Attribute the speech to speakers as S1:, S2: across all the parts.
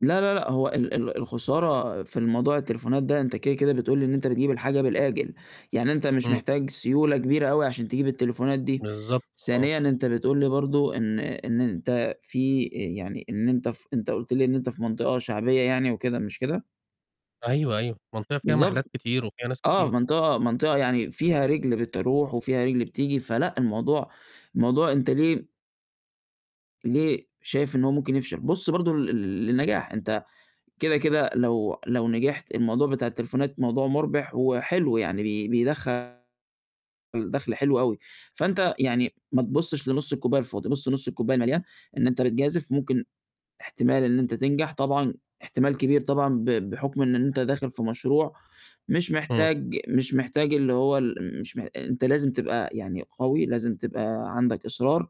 S1: لأ، لأ، لأ، هو ال ال الخسارة في الموضوع التليفونات ده أنت كده، كده بتقول لي إن أنت بتجيب الحاجة بالآجِل، يعني أنت مش
S2: إمم.
S1: محتاج سيولة كبيرة أوي عشان تجيب التليفونات دي،
S2: بالضبط، آه.
S1: ثانيًا أنت بتقول لي برضه إن إن أنت في آآ، يعني إن أنت ف أنت قُلت لي إن أنت في مَنطقة شعبيّة يعني وكده مش كده؟
S2: أيوه، أيوه، مَنطقة فيها
S1: بالضبط.
S2: مَحلّات كتير وفيها ناس
S1: آه،
S2: كتير.
S1: مَنطقة مَنطقة يعني فيها رِجل بتروح وفيها رِجل بتيجي فلأ، الموضوع الموضوع أنت ليه ليه شايف إن هو ممكن يفشل، بُص برضه لل للنجاح أنت كده، كده لو لو نجِحت الموضوع بتاع التليفونات موضوع مُربِح وحلو، يعني بي بيدخّل دَخل حلو أوي. فأنت يعني ما تبُصش لنُص الكوباية الفاضي بُص نُص الكوباية المَليان، إن أنت بتجازِف ممكن إحتمال إن أنت تنجح طبعًا إحتمال كبير طبعًا ب بحُكم إن أنت داخِل في مشروع مش
S2: إمم.
S1: محتاج مش محتاج اللي هو ال م مش مح أنت لازم تبقى يعني قَوي، لازم تبقى عندك إصرار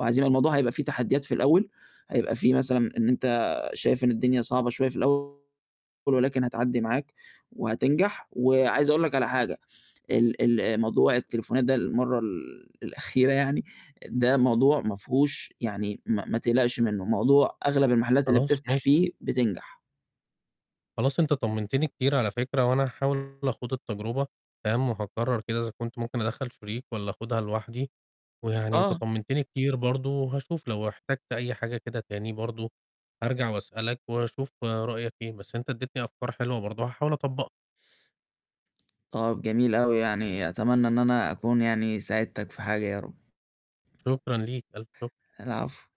S1: وعزيمة الموضوع هيبقى في تحديّات في الأول. هيبقى في مثلًا إن أنت شايف إن الدنيا صعبة شوية في الأول ولكن هتعدّي معاك وهتنجح وعايز أقول لك على حاجة ال ال آآ موضوع التليفونات ده المرّة ال الأخيرة يعني ده موضوع ما فيهوش يعني ما ما تقلَقش منُّه، موضوع أغلَب المَحلّات اللي
S2: خلاص
S1: بتفتَح
S2: ماشي.
S1: فيه بتنجح.
S2: خلاص أنت طمنتني كتير على فكرة، وأنا هاحاول أخوض التجربة فاهم، وهاقرر كده إذا كنت ممكن أدخّل شريك والّا أخوضها لوحدي، ويعني أنت
S1: آه.
S2: طمنتني كتير برضه وهاشوف لو احتجت أي حاجة كده تاني برضه أرجع وأسألك وأشوف رأيك إيه، بس أنت اديتني أفكار حلوة برضه هاحاول أطبّقها.
S1: آه، جميل أوي يعني، أتمنى إن أنا أكون يعني ساعدتك في حاجة يا رب.
S2: شُكرًا ليك، ألف شُكر.
S1: العفو.